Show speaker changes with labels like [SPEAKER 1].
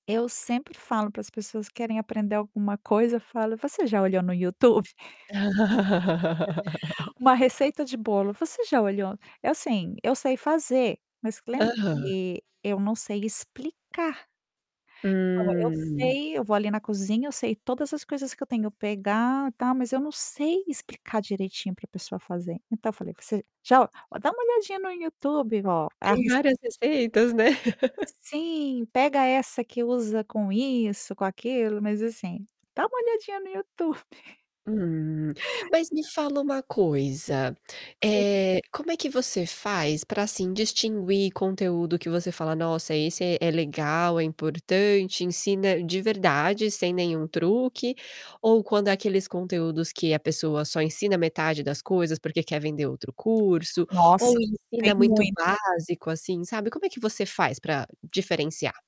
[SPEAKER 1] Eu sempre falo para as pessoas que querem aprender alguma coisa, falo: "Você já olhou no YouTube?". Uma receita de bolo, você já olhou eu sim, eu sei fazer, mas lembra
[SPEAKER 2] Aham.
[SPEAKER 1] que eu não sei explicar. Então, eu
[SPEAKER 2] Hum.
[SPEAKER 1] sei, eu vou ali na cozinha, eu sei todas as coisas que eu tenho pegar, tal, mas eu não sei explicar direitinho pra pessoa fazer. Então, falei: "Você já ó dá uma olhadinha no YouTube ó,
[SPEAKER 2] Tem
[SPEAKER 1] arris"
[SPEAKER 2] várias receitas, né?
[SPEAKER 1] Sim, pega essa que usa com isso, com aquilo, mas assim, dá uma olhadinha no YouTube.
[SPEAKER 2] Hum, mas me fala uma coisa.
[SPEAKER 1] Sim.
[SPEAKER 2] Eh, como é que você faz pra assim, distinguir conteúdo que você fala: "Nossa! Esse é é legal, é importante, ensina de verdade sem nenhum truque". Ou quando aqueles conteúdos que a pessoa só ensina metade das coisas porque quer vender outro curso, ou
[SPEAKER 1] Nossa, tem
[SPEAKER 2] ensina muito
[SPEAKER 1] mui
[SPEAKER 2] básico assim, sabe. Como é que você faz pra diferenciar?